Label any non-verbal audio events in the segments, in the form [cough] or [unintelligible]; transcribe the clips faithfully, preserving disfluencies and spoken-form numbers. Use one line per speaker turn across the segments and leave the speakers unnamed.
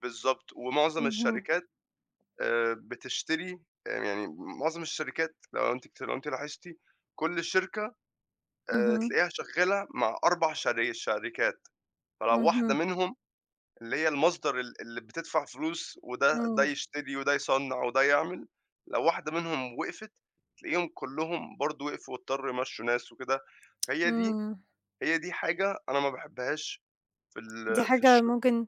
بالضبط، ومُعظم
اهم.
الشركات آآ بتشتري آآ يعني مُعظم الشركات لو أنتِ اكت لو أنتِ لاحظتِ كُلّ شركة، آآ
اهم.
تلاقيها شَغّالة مع أربع شر شركات، فلو واحدة
اهم.
منهم اللي هي المصدر ال اللي بتدفع فلوس وده ده
آه.
يشتري وده يصّنع وده يعمل، لو واحدة منهم وقفت، تلاقيهم كُلّهم برضه وقفوا واضطروا يمشّوا ناس وكده،
[tsk]
هي دي
إمم.
هي دي حاجة أنا ما باحبهاش في
دي
ال في
حاجة
الشُ
ممكن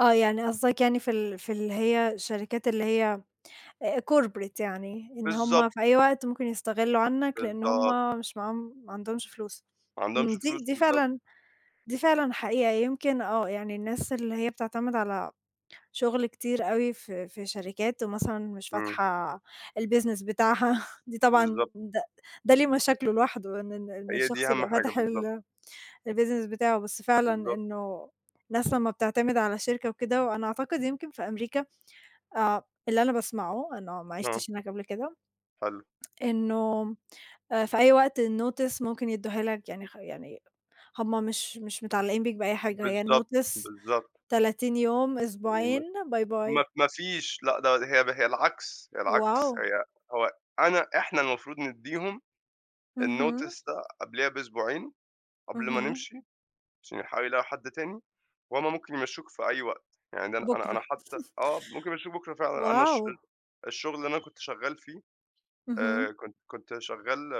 آه، يعني قصدك يعني في ال في اللي هي شركات اللي هي آآ Corporate يعني، إن هُم
بالضبط.
في أي وقت ممكن يستغلوا عنك، لإن
بالضبط.
هُم مش معاهم، ما عندهُمش فلوس،
ما
امم،
عندهُمش
دي
فلوس
دي
بالضبط.
فعلًا دي فعلًا حقيقة، يمكن آه، يعني الناس اللي هي بتعتمد على شُغل كتير أوي في في شركات، ومثلًا مش
إمم.
فاتحة الBusiness بتاعها، دي طبعًا
بالضبط.
د ده ليه مشاكله لوحده، إن ال إن
هي دي
الشخص
أهم
يبقى
حاجة
فاتح
بالضبط.
ال الBusiness بتاعه، بس فعلًا
بالضبط.
إنّه الناس لمّا بتعتمد على شركة وكده، وأنا أعتقد يمكن في أمريكا، آآ، اللي أنا باسمعُه، أنا ما
آه.
عِشتش هناك قبل كده.
حلو.
[tsk] إنُّه آآ، في أي وقت الNotice ممكن يدوها لك، يعني خ يعني هُم مش مش متعلقين بيك بأي حاجة، هي
بالضبط،
Notice
بالضبط.
تَلاتين يوم، أسبوعين
[unintelligible]
باي
ما ف
باي.
ما فيش، لأ، ده هي هي العكس، هي العكس،
واو!
هي هو أنا إحنا المفروض ندّيهم
اهم.
الNotice ده قبليها بأسبوعين قبل ما
اهم.
نمشي، عشان يلحقوا يلاقوا حد تاني، وهُم ممكن يمشوكِ في أي وقت، يعني ده أنا أنا
بكرة.
أنا حتّى
[chuckles]
آه، ممكن يمشوكِ بكرة فعلًا، أنا الشُ
واو!
الشُّغل اللي أنا كنت شغّال فيه، آآ
اهم.
كنت كنت شغّال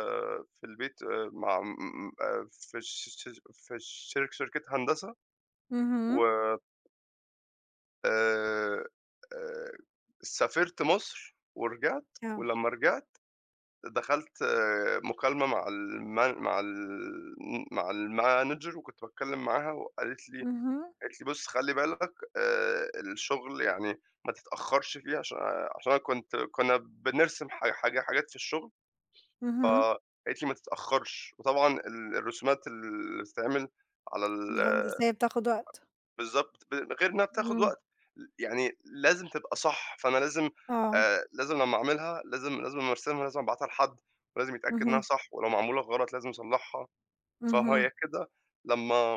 في البيت آآ مع م م م آآ في الش في الش شرك شركة هندسة، و
اهم.
آآ آآ سافرت مصر ورجعت،
آه.
ولمّا رجعت دخلت مُكالمة مع الMan مع ال م مع الManager وكنت باتكلّم معاها، وقالت لي
اهم.
قالت لي: "بُص خلّي بالك، آآ، الشُّغل يعني ما تتأخرش فيه" عشان آآ عشان أنا كنت كنّا بنرسم حا حاج حاجات في الشُّغل، ف
اهم.
قالت لي: "ما تتأخرش." وطبعًا ال الرسومات اللي بتتعمل على ال أ
الهندسية بتاخد وقت.
بالضبط، ب غير إنّها بتاخد
إمم.
وقت، ل يعني لازم تبقى صح، فأنا لازم
آه
آآ لازم لمّا أعملها لازم لازم لمّا أرسمها، لازم أبعتها لحد، لازم يتأكد إنّها
اهم.
صح، ولو معمولة غلط لازم أصلحها، فهي
اهم.
كده لمّا